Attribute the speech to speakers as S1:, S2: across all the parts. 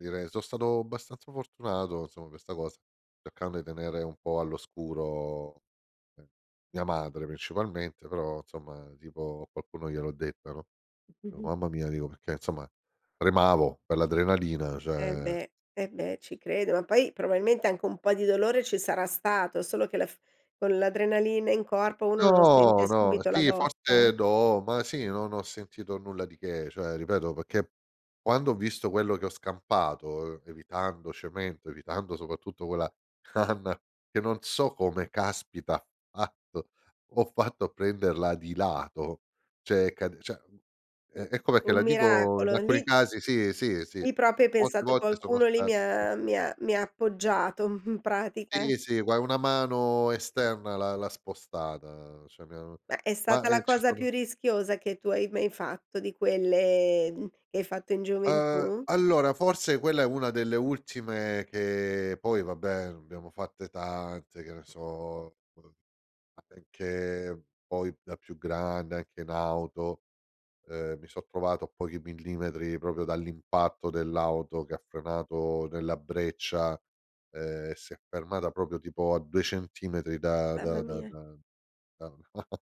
S1: Direi, so' stato abbastanza fortunato, insomma, per sta cosa, cercando i tenere un po' all'oscuro, ehm, mia madre, principalmente, però, insomma, tipo a qualcuno gliel'ho detta, no, "o mamma mia." Dico, perché insomma, tremavo per l'adrenalina,
S2: Eh
S1: cioè
S2: beh, eh beh, ci credo, ma poi probabilmente anche un po' di dolore ci sarà stato, solo che la f con l'adrenalina in corpo uno non sente
S1: No, no,
S2: subito la
S1: sì,
S2: botta.
S1: forse do ma sì, non ho sentito nulla di che, cioè, ripeto, perché quando ho visto quello che ho scampato, evitando cemento, evitando, soprattutto, quella canna che non so come caspita ha fatto ho fatto a prenderla di lato, cioè, cade cioè, è è come che la
S2: Un
S1: dico in
S2: miracolo.
S1: alcuni
S2: Lì
S1: casi, sì, sì, sì.
S2: Lì proprio hai
S1: Molte
S2: pensato:
S1: volte sono
S2: "Qualcuno lì
S1: stati
S2: mi ha mi ha mi ha appoggiato," m
S1: Sì,
S2: pratica.
S1: sì, gua una mano esterna l'ha l'ha spostata, cioè mi hanno
S2: Ma è
S1: ma
S2: stata la
S1: eh, ci
S2: cosa più
S1: sono
S2: rischiosa che tu hai mai fatto di quelle mhmm, che hai fatto in
S1: Uhm,
S2: gioventù?
S1: allora forse quella è una delle ultime che, poi, vabbè, abbiamo fatte tante, che ne so. [unintelligible] Ma perché poi, da più grande, anche in auto, uhm, mi so' trovato a pochi millimetri proprio dall'impatto dell'auto che ha frenato nella breccia, uhm, si è fermata proprio tipo a 2 centimetri da da
S2: Mamma
S1: da
S2: mia.
S1: da da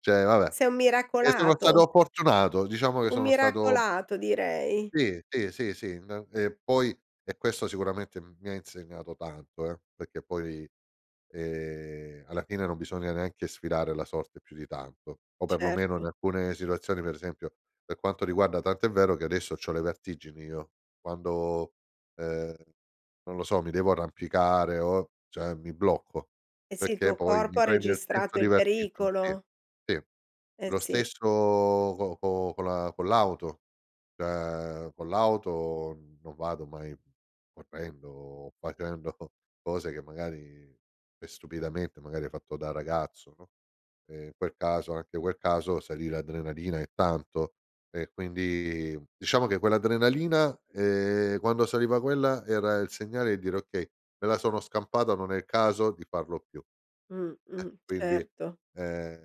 S1: cioè, vabbè.
S2: Sei un
S1: E sono
S2: miracolato.
S1: stato fortunato, diciamo che
S2: Un
S1: sono stato
S2: miracolato, direi.
S1: sì, sì, sì, sì. Na e poi e questo sicuramente mi ha insegnato tanto, eh, perché poi, ehm, alla fine, non bisogna neanche sfidare la sorte più di tanto, o perlomeno in
S2: Certo.
S1: alcune situazioni, per esempio per quanto riguarda tanto è vero che adesso c'ho le vertigini io quando, uhm, non lo so, mi devo arrampicare o, cioè, mi blocco,
S2: Eh sì, il
S1: perché
S2: tuo
S1: poi
S2: corpo
S1: mi
S2: ha
S1: prende il senso
S2: registrato
S1: di
S2: il
S1: ver [unintelligible]
S2: pericolo.
S1: sì.
S2: Eh,
S1: Lo
S2: sì.
S1: stesso co co con la con l'auto, [unintelligible] con l'auto non vado mai correndo o facendo cose che magari e stupidamente, magari ho fatto da ragazzo, no, e in quel caso, anche quel caso, salì l'adrenalina e tanto e quindi, diciamo che quell'adrenalina, ehm, quando saliva quella era il segnale di dire: “Okay, me la sono scampata, non è il caso di farlo più." E
S2: Mh-mh.
S1: quindi,
S2: Certo.
S1: ehm